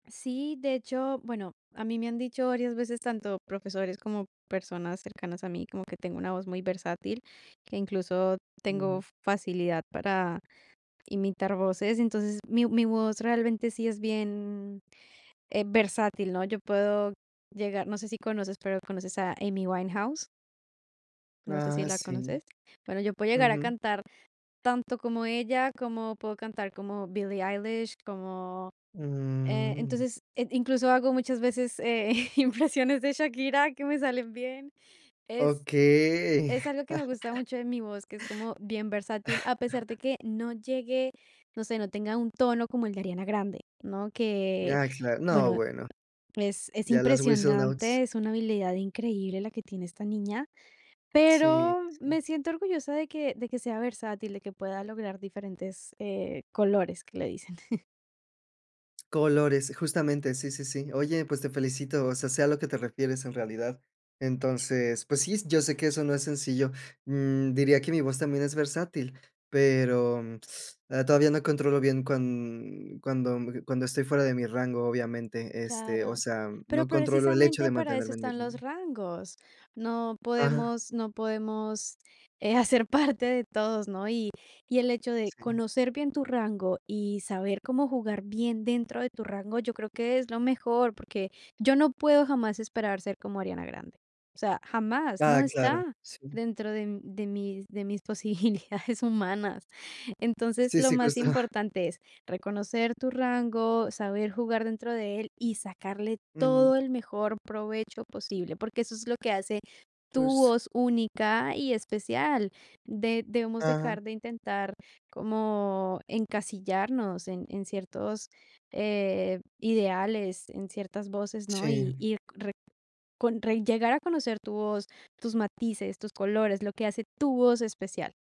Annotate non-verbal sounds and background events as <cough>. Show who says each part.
Speaker 1: Sí, de hecho, bueno, a mí me han dicho varias veces tanto profesores como personas cercanas a mí como que tengo una voz muy versátil. Que incluso tengo
Speaker 2: Ujú.
Speaker 1: facilidad para imitar voces. Entonces, mi mi voz realmente sí es bien, eh, versátil, ¿no? Yo puedo llegar No sé si conoces, pero, ¿conoces a Amy Winehouse? No sé si
Speaker 2: Ah,
Speaker 1: la
Speaker 2: sí,
Speaker 1: conoces. Bueno, yo puedo llegar a
Speaker 2: ujú.
Speaker 1: cantar tanto como ella, como puedo cantar como Billie Eilish, como eh,
Speaker 2: Mm.
Speaker 1: entonces, eh, incluso hago muchas veces, eh, impresiones de Shakira que me salen bien. Es
Speaker 2: Okey.
Speaker 1: es algo que me gusta
Speaker 2: <laughs>
Speaker 1: mucho de mi voz, que es como bien versátil, a pesar de
Speaker 2: <laughs>
Speaker 1: que no llegue, no sé, no tenga un tono como el de Ariana Grande, ¿no? Que,
Speaker 2: Ya, claro No,
Speaker 1: bueno,
Speaker 2: bueno,
Speaker 1: es es
Speaker 2: ya las whistle notes.
Speaker 1: impresionante, es una habilidad increíble la que tiene esta niña,
Speaker 2: Sí,
Speaker 1: pero
Speaker 2: sí.
Speaker 1: me siento orgullosa de que de que sea versátil, de que pueda lograr diferentes, eh, colores, que le dicen. <chuckles>
Speaker 2: Colores, justamente. Sí, sí, sí. Oye, pues, te felicito. O sea, sé a lo que te refieres en realidad. Entonces, pues, sí, yo sé que eso no es sencillo. Mm, diría que mi voz también es versátil, pero <sucks teeth> todavía no controlo bien cuan cuando cuando estoy fuera de mi rango obviamente, este, o
Speaker 1: Claro,
Speaker 2: sea,
Speaker 1: pero,
Speaker 2: no controlo el hecho
Speaker 1: precisamente,
Speaker 2: de
Speaker 1: para eso
Speaker 2: mantenerme en mi
Speaker 1: están
Speaker 2: rango.
Speaker 1: los rangos. No
Speaker 2: Ajá.
Speaker 1: podemos no podemos, eh, hacer parte de todos, ¿no? Y y el hecho de
Speaker 2: Sí.
Speaker 1: conocer bien tu rango y saber cómo jugar bien dentro de tu rango, yo creo que es lo mejor, porque yo no puedo jamás esperar ser como Ariana Grande. O sea, jamás,
Speaker 2: Ah,
Speaker 1: no
Speaker 2: claro,
Speaker 1: está
Speaker 2: sí.
Speaker 1: dentro de de mis de mis posibilidades humanas. Entonces,
Speaker 2: Sí,
Speaker 1: lo
Speaker 2: sí,
Speaker 1: más
Speaker 2: cuesta.
Speaker 1: importante es reconocer tu rango, saber jugar dentro de él y sacarle
Speaker 2: Ujú.
Speaker 1: todo el mejor provecho posible, porque eso es lo que hace tu
Speaker 2: Pues.
Speaker 1: voz única y especial. De debemos
Speaker 2: Ajá.
Speaker 1: dejar de intentar como encasillarnos en en ciertos, eh, ideales, en ciertas voces, ¿no? Y
Speaker 2: Sí.
Speaker 1: ir re con ren llegar a conocer tu voz, tus matices, tus colores, lo que hace tu voz especial.